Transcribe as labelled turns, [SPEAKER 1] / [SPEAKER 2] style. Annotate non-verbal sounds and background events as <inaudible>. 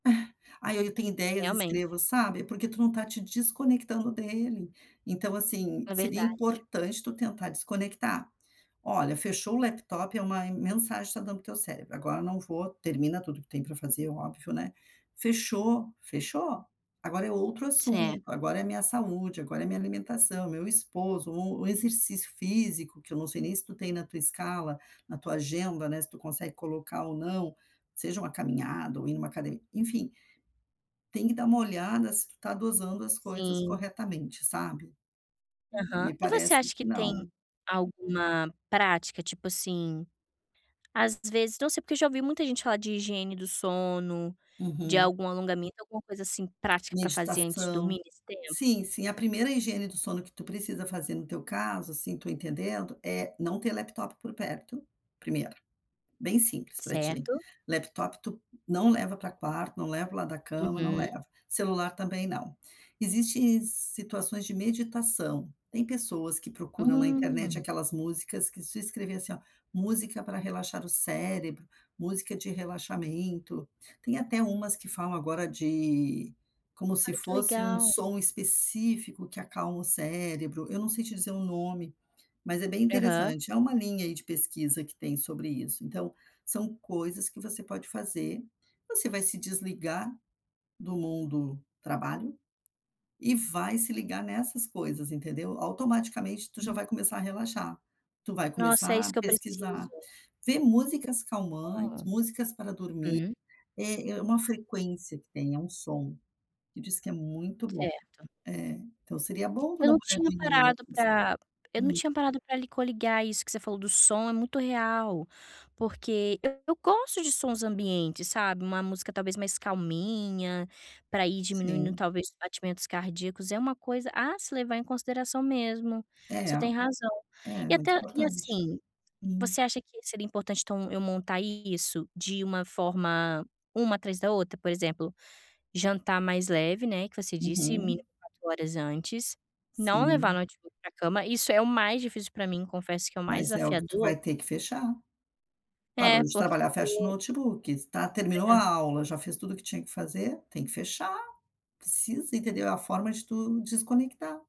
[SPEAKER 1] <chuckles> "Ai ai, eu tenho ideias e
[SPEAKER 2] Realmente.
[SPEAKER 1] escrevo", sabe. É porque tu não está te desconectando dele. Então assim,
[SPEAKER 2] É
[SPEAKER 1] seria
[SPEAKER 2] verdade.
[SPEAKER 1] importante tu tentar desconectar. Olha, fechou o laptop é uma mensagem que está dando para o teu cérebro: "Agora eu não vou" termina tudo que tem para fazer, óbvio, né. Fechou, fechou. Agora é outro
[SPEAKER 2] Cer
[SPEAKER 1] assunto, agora é a minha saúde, agora é a minha alimentação, meu esposo, ou o exercício físico, que eu não sei nem se tu tem na tua escala, na tua agenda, né, se tu consegue colocar ou não, seja uma caminhada ou ir em uma acade enfim tem que dar uma olhada se tu está dosando as coisas
[SPEAKER 2] Sim.
[SPEAKER 1] corretamente, sabe.
[SPEAKER 2] Aham.
[SPEAKER 1] Me
[SPEAKER 2] E você
[SPEAKER 1] parece
[SPEAKER 2] acha que
[SPEAKER 1] que
[SPEAKER 2] tem
[SPEAKER 1] não.
[SPEAKER 2] alguma prática, tipo assim, às vezes não sei porque eu já ouvi muita gente falar de higiene do sono, de
[SPEAKER 1] Uhum.
[SPEAKER 2] algum alongamento, alguma coisa assim prática, para fazer antes de dormir
[SPEAKER 1] Meditação.
[SPEAKER 2] nesse tempo.
[SPEAKER 1] Sim, sim, a primeira higiene do sono que tu precisa fazer, no teu caso, assim, estou entendendo, é não ter laptop por perto, primeiro. Bem simples para ti,
[SPEAKER 2] Certo.
[SPEAKER 1] laptop tu não leva para o quarto, não leva para o lado da cama, não
[SPEAKER 2] Uhum.
[SPEAKER 1] leva. Celular também não. Existe situações de meditação. Tem pessoas que procuram na internet
[SPEAKER 2] Hum.
[SPEAKER 1] aquelas músicas, que se escrever assim, ó: “música para relaxar o cérebro”, “música de relaxamento”. Tem até umas que falam agora de como se
[SPEAKER 2] Olha, que
[SPEAKER 1] fosse um
[SPEAKER 2] legal.
[SPEAKER 1] som específico que acalma o cérebro. Eu não sei te dizer o nome, mas é bem
[SPEAKER 2] Aham.
[SPEAKER 1] interessante. É uma linha, aí, de pesquisa que tem sobre isso, então são coisas que você pode fazer. Você vai se desligar do do trabalho e vai se ligar nessas coisas, entendeu. Automaticamente tu já
[SPEAKER 2] Hum.
[SPEAKER 1] vai começar a relaxar. Tu vai
[SPEAKER 2] Nossa, é
[SPEAKER 1] começar
[SPEAKER 2] isso
[SPEAKER 1] a
[SPEAKER 2] que eu preciso.
[SPEAKER 1] pesquisar, ver músicas calmantes,
[SPEAKER 2] Hum.
[SPEAKER 1] músicas para dormir.
[SPEAKER 2] Uhum.
[SPEAKER 1] É é uma frequência que tem, é um som que diz que é muito bom.
[SPEAKER 2] Certo.
[SPEAKER 1] Eh, então seria bom tu
[SPEAKER 2] Eu
[SPEAKER 1] dar
[SPEAKER 2] não
[SPEAKER 1] uma
[SPEAKER 2] tinha
[SPEAKER 1] olhadinha
[SPEAKER 2] parado
[SPEAKER 1] nisso.
[SPEAKER 2] para eu não
[SPEAKER 1] Hum.
[SPEAKER 2] tinha parado para lhe coligar, isso que você falou do som, é muito real. Porque eu gosto de sons ambientes, sabe, uma música, talvez, mais calminha para ir diminuindo,
[SPEAKER 1] Sim.
[SPEAKER 2] talvez, os batimentos cardíacos. É uma coisa a se levar em consideração mesmo,
[SPEAKER 1] É.
[SPEAKER 2] você tem razão.
[SPEAKER 1] É,
[SPEAKER 2] E
[SPEAKER 1] muito
[SPEAKER 2] até e
[SPEAKER 1] importante.
[SPEAKER 2] assim,
[SPEAKER 1] Hum.
[SPEAKER 2] você acha que seria importante, então, eu montar isso de uma forma, uma atrás da outra, por exemplo, jantar mais leve, né, que você disse,
[SPEAKER 1] Uhum.
[SPEAKER 2] mínimo 4 horas antes, não levar
[SPEAKER 1] Sim.
[SPEAKER 2] notebook para a cama, isso é o mais difícil para mim, confesso que é o mais
[SPEAKER 1] Mas é o que tu
[SPEAKER 2] desafiador.
[SPEAKER 1] vai ter que fechar. Parou
[SPEAKER 2] É,
[SPEAKER 1] de trabalhar, fecha o
[SPEAKER 2] porque
[SPEAKER 1] notebook. Está terminou
[SPEAKER 2] É.
[SPEAKER 1] a aula, já fez tudo o que tinha que fazer, tem que fechar. Precisa, entendeu, a forma de tu desconectar.